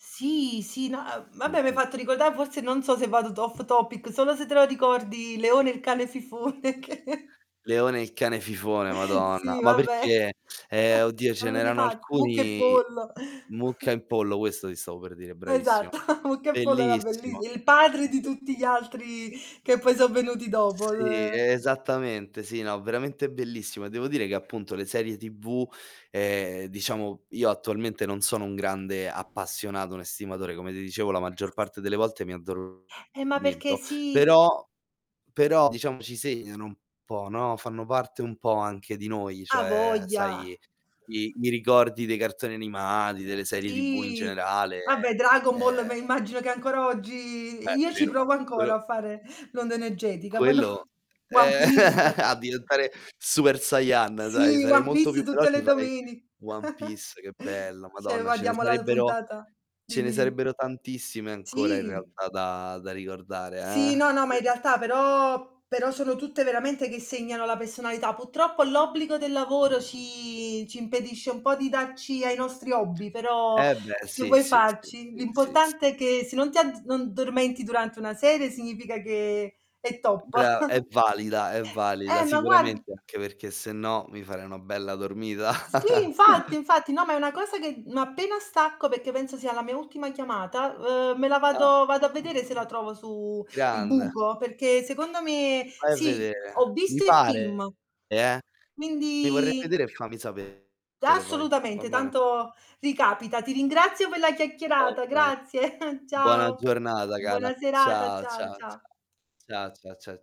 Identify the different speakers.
Speaker 1: Sì, sì, no, uhm, vabbè m'hai
Speaker 2: Mh-mh.
Speaker 1: fatto ricordà forse non so se vado t off topic, solo se te lo ricordi Leone il cane fifone che
Speaker 2: Leone il cane fifone, madonna.
Speaker 1: Sì,
Speaker 2: Ma
Speaker 1: vabbè.
Speaker 2: perché? Ehm, oddio,
Speaker 1: Ma
Speaker 2: ce
Speaker 1: non de
Speaker 2: n'erano
Speaker 1: pa Mucca e
Speaker 2: alcuni
Speaker 1: Pollo.
Speaker 2: "Mucca e pollo", questo ti stavo per dire, bravissima.
Speaker 1: Esatto, Mucca e Pollo era bellis
Speaker 2: Bellissimo.
Speaker 1: il padre di tutti
Speaker 2: [unintelligible]
Speaker 1: gli altri che poi sò venuti dopo.
Speaker 2: Sì,
Speaker 1: Ehm
Speaker 2: esattamente, sì, no, veramente bellissimo. Devo dire che appunto le serie TV, ehm, diciamo, io attualmente non sono un grande appassionato, un estimatore, come ti dicevo, la maggior parte delle volte mi
Speaker 1: Eh, ma perché
Speaker 2: addormento,
Speaker 1: si
Speaker 2: però però diciamo ci segnano un po', no, fanno parte un po' anche di noi,
Speaker 1: Hai
Speaker 2: cioè,
Speaker 1: voglia.
Speaker 2: sai, i i ricordi dei cartoni animati, delle serie TV in
Speaker 1: Sì,
Speaker 2: generale,
Speaker 1: vabbè Dragon Ball
Speaker 2: ehm
Speaker 1: me immagino che ancora oggi e
Speaker 2: Beh,
Speaker 1: io ci provo
Speaker 2: ferma!
Speaker 1: ancora
Speaker 2: Quello
Speaker 1: a fare l'onda energetica, voi no?
Speaker 2: quello
Speaker 1: One
Speaker 2: eh,
Speaker 1: Piece.
Speaker 2: a diventare Super Sayan, dai,
Speaker 1: Sì,
Speaker 2: sarei
Speaker 1: One
Speaker 2: molto più
Speaker 1: Piece tutte
Speaker 2: veloce e
Speaker 1: le
Speaker 2: farei
Speaker 1: domeni
Speaker 2: One Piece, che bello,
Speaker 1: cioè
Speaker 2: madonna, ce ne
Speaker 1: guardiamo la
Speaker 2: sarebbero
Speaker 1: puntata
Speaker 2: ce ne
Speaker 1: dimmi, dimmi.
Speaker 2: sarebbero tantissime ancora in
Speaker 1: Sì.
Speaker 2: realtà da da ricordare,
Speaker 1: Sì, no, no,
Speaker 2: eh.
Speaker 1: ma in
Speaker 2: [unintelligible]
Speaker 1: realtà però però sono tutte veramente che segnano la personalità. Purtroppo l'obbligo del lavoro ci ci impedisce un po' di darci ai nostri hobby, però
Speaker 2: Eh, beh,
Speaker 1: che
Speaker 2: sì,
Speaker 1: vuoi
Speaker 2: sì, sì,
Speaker 1: farci?
Speaker 2: sì, sì, sì.
Speaker 1: L'importante è che se non ti add non dormenti durante una serie significa che è top.
Speaker 2: Bra è valida, è valida,
Speaker 1: Eh, ma guard
Speaker 2: sicuramente anche perché se no mi farei una bella dormita.
Speaker 1: Sì, infatti, infatti. No, ma è una cosa che, mhmm n appena stacco, perché penso sia la mia ultima chiamata, uhm, me la
Speaker 2: Ah.
Speaker 1: vado vado a vedere se la trovo su il
Speaker 2: Grande.
Speaker 1: buco, perché secondo me
Speaker 2: vai a
Speaker 1: sì, ho
Speaker 2: vedere. Mi
Speaker 1: visto il film,
Speaker 2: pare, eh. Mi vorrei
Speaker 1: quindi
Speaker 2: vedere e fammi sapere
Speaker 1: D
Speaker 2: poi, va
Speaker 1: assolutamente,
Speaker 2: bene?
Speaker 1: tanto ricapita. Ti ringrazio per la
Speaker 2: Va
Speaker 1: chiacchierata.
Speaker 2: bene.
Speaker 1: Grazie,
Speaker 2: Buona
Speaker 1: ciao.
Speaker 2: giornata, cara.
Speaker 1: Buona serata.
Speaker 2: Ciao,
Speaker 1: Ciao,
Speaker 2: ciao,
Speaker 1: ciao.
Speaker 2: ciao. Ciao, ciao, cia cia